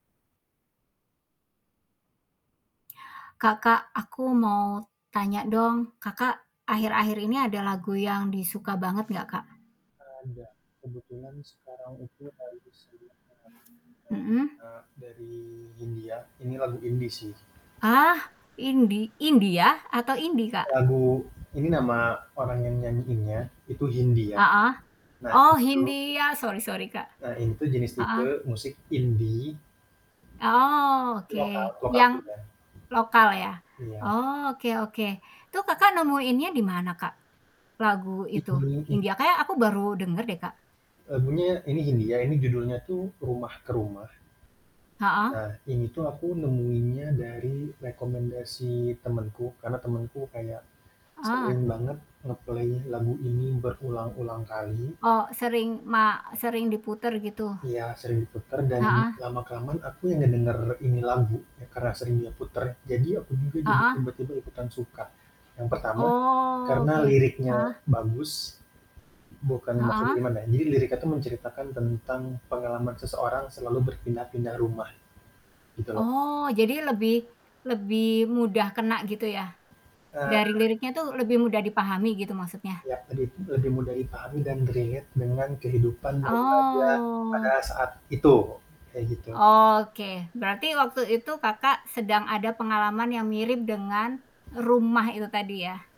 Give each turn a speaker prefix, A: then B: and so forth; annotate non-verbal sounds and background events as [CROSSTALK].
A: Kak Kak, aku mau tanya dong, Kakak akhir-akhir ini ada lagu yang di suka banget enggak Kak?
B: Ada, kebetulan sekarang itu lagi sering banget
A: Mhm.
B: denger, eee, dari Hindia Ini lagu Indie sih.
A: Ah, indie India atau indie, Kak?
B: Lagu ini nama orang yang nyanyiinnya itu Hindia,
A: Heeh,
B: nah, tuh
A: oh
B: gitu.
A: Hindia, sorry sorry, Kak,
B: Nah, ini tuh jenis
A: heeh.
B: tipe musik Indie
A: Oh, oke
B: lokal lokal.
A: yang,
B: [UNINTELLIGIBLE]
A: lokal ya?
B: Iya.
A: Oke oke, itu Kakak nemuinnya di mana, Kak? Lagu itu,
B: [UNINTELLIGIBLE]
A: Hindia, kayaknya aku baru denger deh, Kak.
B: Lagunya ini Hindia, ini judulnya tuh Rumah ke Rumah.
A: Heeh.
B: Nah, ini tuh aku nemuinnya dari rekomendasi temenku, karena temenku kayak,
A: Ah.
B: sering banget nge-play lagu ini berulang-ulang kali.
A: Oh, sering ma sering diputar, gitu?
B: Iya sering diputar dan
A: Heeh.
B: lama kelamaan aku yang ngedenger ini lagu ya, karena sering dia puter, jadi aku juga
A: Heeh.
B: tiba-tiba ikutan suka, yang pertama, karena
A: Oke,
B: liriknya
A: heeh.
B: bagus, bukan maksudnya
A: Heeh.
B: gimana ya, jadi liriknya tuh menceritakan tentang pengalaman seseorang selalu berpindah-pindah rumah, gitu loh.
A: Oh, jadi lebih lebih mudah kena gitu ya,
B: Eee.
A: dari liriknya tuh lebih mudah dipahami gitu maksudnya?
B: Iya, lebih lebih mudah dipahami dan relate dengan kehidupan remaja pada
A: Oh.
B: saat itu, kayak gitu.
A: Oke, berarti waktu itu Kakak sedang ada pengalaman yang mirip dengan rumah itu tadi ya?